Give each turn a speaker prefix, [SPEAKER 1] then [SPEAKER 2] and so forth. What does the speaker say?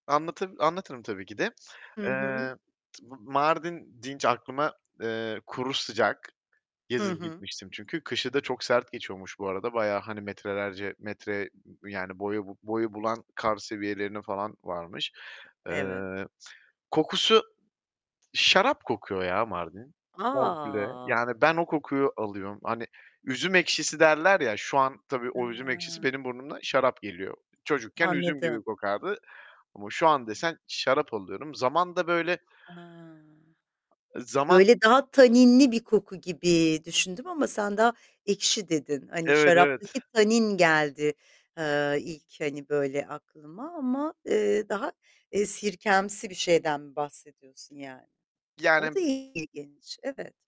[SPEAKER 1] Anlatı anlatırım tabii ki de.
[SPEAKER 2] Hı hı.
[SPEAKER 1] Eee, t Mardin deyince aklıma, eee, kuru sıcak,
[SPEAKER 2] Hı
[SPEAKER 1] gezip
[SPEAKER 2] hı.
[SPEAKER 1] gitmiştim çünkü kışı da çok sert geçiyormuş bu arada, bayağı, hani. Metrelerce, metre yani boyu bu boyu bulan kar seviyelerine falan varmış.
[SPEAKER 2] Evet.
[SPEAKER 1] Eee, kokusu, şarap kokuyor ya Mardin komple.
[SPEAKER 2] A!
[SPEAKER 1] Yani ben o kokuyu alıyorum. Hani üzüm ekşisi derler ya, şu an tabii o üzüm ekşisi
[SPEAKER 2] Hıı.
[SPEAKER 1] benim burnuma şarap geliyor. Çocukken üzüm gibi
[SPEAKER 2] Anladım.
[SPEAKER 1] kokardı ama şu an desen şarap alıyorum. Zaman da, böyle
[SPEAKER 2] Ha.
[SPEAKER 1] Zaman
[SPEAKER 2] Böyle daha taninli bir koku gibi düşündüm ama sen daha ekşi dedin. Hani
[SPEAKER 1] Evet,
[SPEAKER 2] şaraptaki
[SPEAKER 1] evet.
[SPEAKER 2] tanin geldi, eee, ilk, hani, böyle, aklıma ama, eee, daha, eee, sirkemsi bir şeyden bahsediyorsun yani. O da
[SPEAKER 1] Yani
[SPEAKER 2] ilginç. Evet.